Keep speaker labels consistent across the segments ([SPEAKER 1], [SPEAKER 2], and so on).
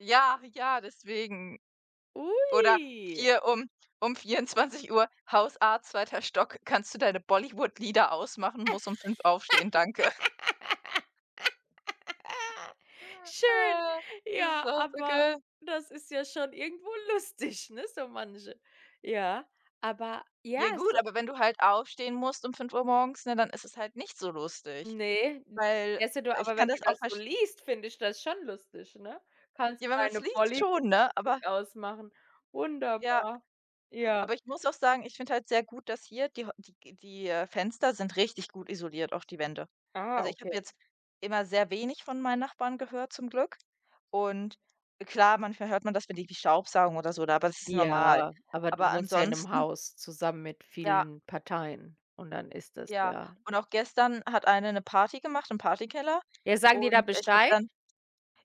[SPEAKER 1] Ja, ja, deswegen. Oder
[SPEAKER 2] Ui.
[SPEAKER 1] hier um um 24:00: „Hausarzt, zweiter Stock, kannst du deine Bollywood-Lieder ausmachen, muss um 5:00 aufstehen, danke.“
[SPEAKER 2] Schön,
[SPEAKER 1] Das ist
[SPEAKER 2] ja,
[SPEAKER 1] auch so
[SPEAKER 2] aber
[SPEAKER 1] geil.
[SPEAKER 2] das ist ja schon irgendwo lustig, ne, so manche. Ja, aber ja,
[SPEAKER 1] Ja
[SPEAKER 2] so
[SPEAKER 1] gut, aber wenn du halt aufstehen musst um 5:00 morgens, ne, dann ist es halt nicht so lustig.
[SPEAKER 2] Ne,
[SPEAKER 1] Weil
[SPEAKER 2] wärst denn du
[SPEAKER 1] ich
[SPEAKER 2] aber
[SPEAKER 1] kann
[SPEAKER 2] wenn du
[SPEAKER 1] das auch
[SPEAKER 2] das so
[SPEAKER 1] versch
[SPEAKER 2] liest, finde ich das schon lustig, ne? Kannst
[SPEAKER 1] Ja,
[SPEAKER 2] du
[SPEAKER 1] wenn man's
[SPEAKER 2] deine
[SPEAKER 1] liest schon, ne? Aber
[SPEAKER 2] Bollywood-Musik ausmachen?
[SPEAKER 1] Ja.
[SPEAKER 2] Wunderbar, ja.
[SPEAKER 1] Aber ich muss auch sagen, ich finde halt sehr gut, dass hier die Häu die g äh, Fenster sind richtig gut isoliert, auch die Wände.
[SPEAKER 2] Ah,
[SPEAKER 1] Also ich habe
[SPEAKER 2] okay.
[SPEAKER 1] jetzt immer sehr wenig von meinen Nachbarn gehört zum Glück. Und, klar, manchmal hört man das, wenn die irgendwie staubsaugen oder so da, aber das ist normal.
[SPEAKER 2] Ja, aber du
[SPEAKER 1] Aber
[SPEAKER 2] wohnst ja in 'nem
[SPEAKER 1] ansonsten
[SPEAKER 2] Haus zusammen mit
[SPEAKER 1] Ja.
[SPEAKER 2] vielen Parteien, und dann ist das
[SPEAKER 1] Ja.
[SPEAKER 2] ja
[SPEAKER 1] Und auch gestern hat eine 'ne Party gemacht im Partykeller,
[SPEAKER 2] Ja, sagen die da
[SPEAKER 1] und ich habe
[SPEAKER 2] Bescheid?
[SPEAKER 1] dann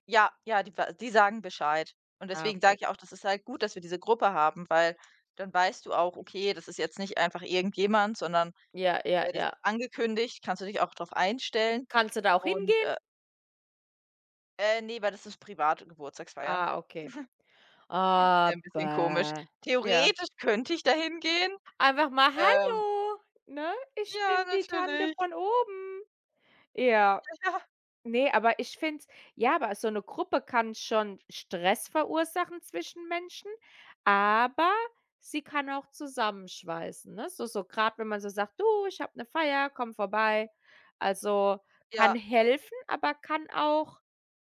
[SPEAKER 1] Ja, ja, die w die sagen Bescheid. Und
[SPEAKER 2] Ah,
[SPEAKER 1] deswegen sage
[SPEAKER 2] okay.
[SPEAKER 1] ich auch, das ist halt gut, dass wir diese Gruppe haben, weil dann weißt du auch, okay, das ist jetzt nicht einfach irgendjemand, sondern,
[SPEAKER 2] Ja, ja,
[SPEAKER 1] äh, das ist
[SPEAKER 2] ja.
[SPEAKER 1] angekündigt. Kannst du dich auch drauf einstellen.
[SPEAKER 2] Kannst du da auch
[SPEAKER 1] Und,
[SPEAKER 2] hingehen?
[SPEAKER 1] äh Äh, ne, weil das ist private Geburtstagsfeier.
[SPEAKER 2] Ah, okay.
[SPEAKER 1] Wär 'n bisschen komisch.
[SPEAKER 2] Aber ja.
[SPEAKER 1] Theoretisch könnte ich da hingehen,
[SPEAKER 2] Einfach mal:
[SPEAKER 1] ähm
[SPEAKER 2] „Hallo,“ ne? „Ich bin
[SPEAKER 1] Ja,
[SPEAKER 2] die Tante
[SPEAKER 1] natürlich.
[SPEAKER 2] von oben.“ Ja.
[SPEAKER 1] Ja, ja.
[SPEAKER 2] Ne, aber ich find's ja, aber so 'ne Gruppe kann schon Stress verursachen zwischen Menschen, aber sie kann auch zusammenschweißen, ne? So so grad wenn man so sagt: „Du, ich habe 'ne Feier, komm vorbei.“ Also kann
[SPEAKER 1] Ja.
[SPEAKER 2] helfen, aber kann auch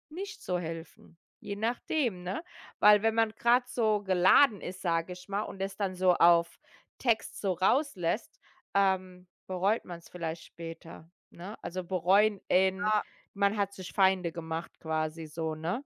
[SPEAKER 2] nicht so helfen, je nachdem, ne? Weil wenn man grad so geladen ist, sage ich mal, und es dann so auf Text so rauslässt, ähm, bereut man's vielleicht später, ne? Also bereuen in
[SPEAKER 1] Ja.
[SPEAKER 2] man hat sich Feinde gemacht quasi so, ne?